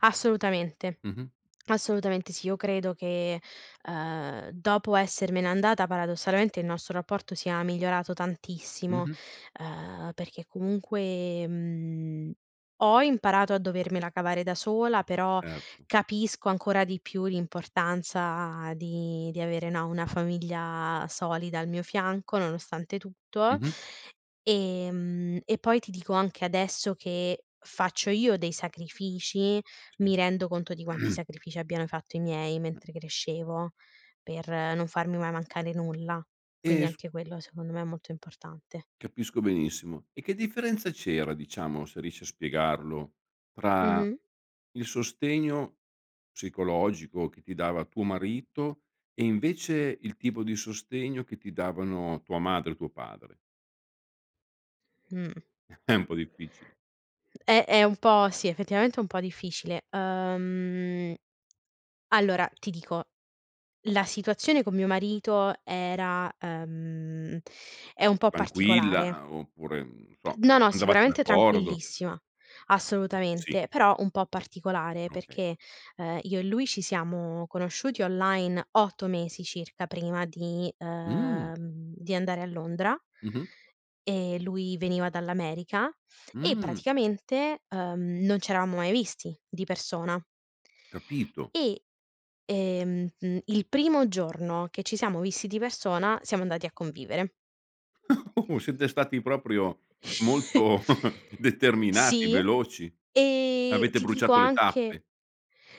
Assolutamente. Mh-mh. Assolutamente sì. Io credo che, ehm, dopo essermene andata paradossalmente il nostro rapporto sia migliorato tantissimo, Mh-mh. ehm, perchè comunque, mhmm, ho imparato a dovermela cavare da sola però Certo. capisco ancora di più l'importanza di di avere, no, una famiglia solida al mio fianco, nonostante tutto. Mh-mh. Ehm, e poi ti dico anche adesso che faccio io dei sacrifici, Sì. mi rendo conto di quanti sacrifici abbiano fatto i miei mentre crescevo per non farmi mai mancare nulla. Eh Quindi s anche quello secondo me è molto importante. Capisco benissimo. E che differenza c'era, diciamo, se riesci a spiegarlo, tra Mh-mh. il sostegno psicologico che ti dava tuo marito e invece il tipo di sostegno che ti davano tua madre e tuo padre? Mh. È un po' difficile. Eh, è un po' sì, effettivamente è un po' difficile. Uhm allora, ti dico, la situazione con mio marito era ehm, è un po' Tranquilla, particolare. ah, oppure, non lo so, No, no, andavate sicuramente d'accordo? tranquillissima, Sì. assolutamente, però un po' particolare Okay. perché, ehm, io e lui ci siamo conosciuti online 8 mesi circa prima di Mh! ehm, di andare a Londra, Mh-mh. e lui veniva dall'America, e Mh! praticamente, uhm, non c'eravamo mai visti di persona. Capito. E, ehm, uhm, il primo giorno che ci siamo visti di persona siamo andati a convivere. Siete stati proprio molto determinati, Sì, veloci. e Avete ti dico bruciato le anche tappe.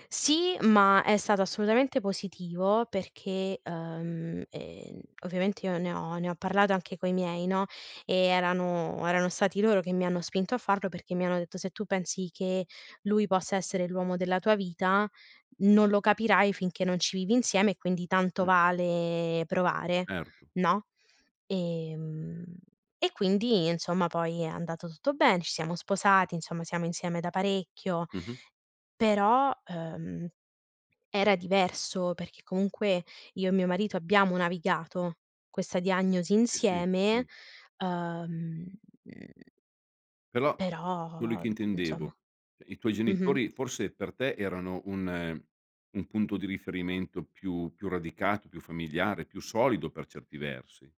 Sì, ma è stato assolutamente positivo perché, uhm, ehm, ovviamente io ne ho ne ho parlato anche coi miei, no, e erano erano stati loro che mi hanno spinto a farlo perché mi hanno detto: "Se tu pensi che lui possa essere l'uomo della tua vita, non lo capirai finché non ci vivi insieme e quindi tanto Mh. vale provare, Erto. no?" Ehm, e quindi insomma poi è andato tutto bene, ci siamo sposati, insomma siamo insieme da parecchio, Mh-mh. però, ehm, era diverso perché comunque io e mio marito abbiamo navigato questa diagnosi Sì, si. insieme, Mh. uhm, mhmm Però quello però, che insomma. intendevo, cioè i tuoi Mh-mh. genitori forse per te erano un un punto di riferimento più più radicato, più familiare, più solido per certi versi.